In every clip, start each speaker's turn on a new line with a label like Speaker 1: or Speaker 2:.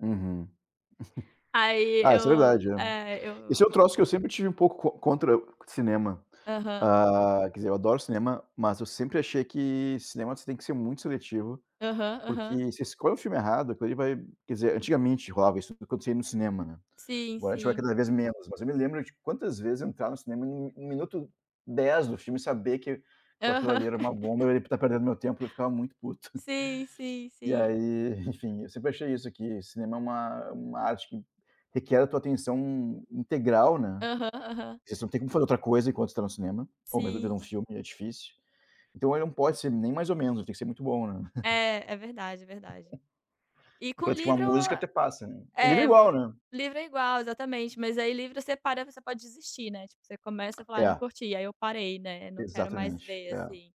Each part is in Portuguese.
Speaker 1: Uhum.
Speaker 2: Aí
Speaker 1: Ah, isso é
Speaker 2: eu
Speaker 1: verdade, é.
Speaker 2: é,
Speaker 1: Esse
Speaker 2: eu.
Speaker 1: é o troço que eu sempre tive um pouco co contra cinema.
Speaker 2: Aham.
Speaker 1: Hã, quer dizer, eu adoro cinema. Mas eu sempre achei que cinema, você tem que ser muito seletivo,
Speaker 2: Aham,
Speaker 1: porque
Speaker 2: aham.
Speaker 1: se você escolhe o filme errado, aquilo vai quer dizer, antigamente, rolava isso, quando você ia no cinema, né.
Speaker 2: Sim,
Speaker 1: Agora a gente vai
Speaker 2: sim.
Speaker 1: cada vez menos, mas eu me lembro de quantas vezes eu entrava no cinema, e no no minuto 10 do filme, saber que que aquilo
Speaker 2: Aham.
Speaker 1: ali era uma bomba, eu ia tá perdendo meu tempo, eu ficava muito puto.
Speaker 2: Sim, sim,
Speaker 1: E
Speaker 2: sim.
Speaker 1: aí, enfim, eu sempre achei isso, que cinema é uma é uma arte que requer a tua atenção integral, né.
Speaker 2: Aham, aham.
Speaker 1: Você não tem como fazer outra coisa enquanto você tá no cinema, ao menos ver
Speaker 2: Sim.
Speaker 1: um filme é difícil. Então, ele não pode ser nem mais ou menos, ele tem que ser muito bom, né.
Speaker 2: É, é verdade, é verdade. E com
Speaker 1: Enquanto que uma
Speaker 2: livro
Speaker 1: música até passa, né. E livro é
Speaker 2: É, vo
Speaker 1: igual, né.
Speaker 2: Livro é igual, exatamente, mas aí livro você para, você pode desistir, né. Tipo, você começa e fala: "Ah, eu não
Speaker 1: É.
Speaker 2: curti." Aí eu parei, né. Não quero mais
Speaker 1: Exatamente,
Speaker 2: ver,
Speaker 1: é.
Speaker 2: assim.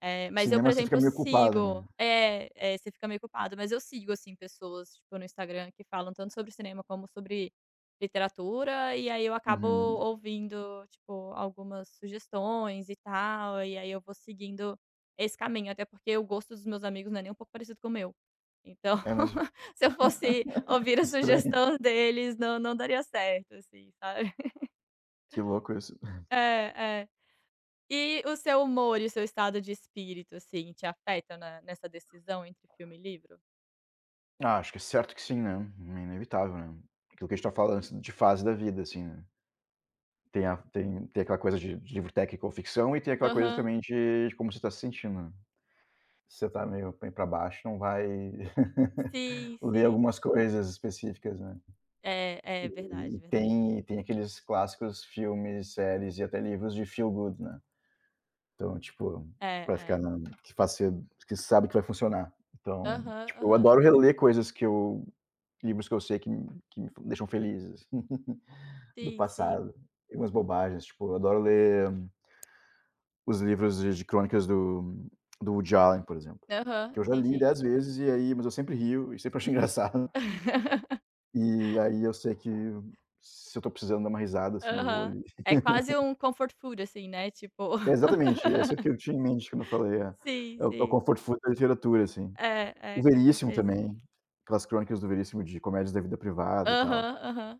Speaker 2: Eh, mas eu, por
Speaker 1: Cinema você fica
Speaker 2: exemplo,
Speaker 1: meio culpado, né.
Speaker 2: sigo É, é, você fica meio culpado. Mas eu sigo, assim, pessoas, tipo, no Instagram, que falam tanto sobre cinema como sobre literatura, e aí eu acabo
Speaker 1: Uhum.
Speaker 2: ouvindo, tipo, algumas sugestões e tal, e aí aí eu vou seguindo esse caminho. Até porque o gosto dos meus amigos não é nem um pouco parecido com o meu. Então,
Speaker 1: É mesmo.
Speaker 2: se eu fosse ouvir a
Speaker 1: Estranho.
Speaker 2: sugestão deles, não não daria certo, assim, sabe.
Speaker 1: Que louco isso.
Speaker 2: É, é. E o seu humor e o seu estado de espírito, assim, te afeta na nessa decisão entre filme e livro?
Speaker 1: Acho que certo que sim, né. É inevitável, né. Que o que a gente tá falando, assim, de fase da vida, assim, né. Tem a tem tem aquela coisa de de livro técnico ou ficção, e tem aquela coisa
Speaker 2: Aham.
Speaker 1: também de como você tá se sentindo, né. Se você tá meio bem pra baixo, não vai
Speaker 2: Sim,
Speaker 1: ler
Speaker 2: sim.
Speaker 1: algumas coisas específicas, né.
Speaker 2: É, é,
Speaker 1: Eh,
Speaker 2: verdade,
Speaker 1: e
Speaker 2: verdade.
Speaker 1: tem e tem aqueles clássicos filmes, séries e até livros de feel good, né. Então, tipo,
Speaker 2: É,
Speaker 1: pra ficar
Speaker 2: é.
Speaker 1: na que faz você que sabe que vai funcionar. Então,
Speaker 2: Aham,
Speaker 1: tipo, eu
Speaker 2: aham.
Speaker 1: adoro reler coisas que eu livros que eu sei que me que me f deixam felizes, do
Speaker 2: Sim, sim.
Speaker 1: passado. Algumas bobagens, tipo, eu adoro ler os livros de de crônicas do do Woody Allen, por exemplo,
Speaker 2: Aham.
Speaker 1: que eu já li
Speaker 2: Entendi.
Speaker 1: 10 vezes. E aí mas eu sempre rio e sempre acho engraçado. E aí, eu sei que se eu tô precisando dar uma risada, assim, eu vou
Speaker 2: Aham.
Speaker 1: ali.
Speaker 2: É quase um comfort food assim, né, tipo
Speaker 1: É exatamente. É isso que eu tinha em mente quando eu falei, é.
Speaker 2: Sim,
Speaker 1: É é o
Speaker 2: sim.
Speaker 1: comfort food da literatura, assim.
Speaker 2: É,
Speaker 1: O
Speaker 2: é, com
Speaker 1: Veríssimo,
Speaker 2: certeza.
Speaker 1: também, aquelas crônicas do Veríssimo de Comédias da Vida Privada e tal.
Speaker 2: Aham, aham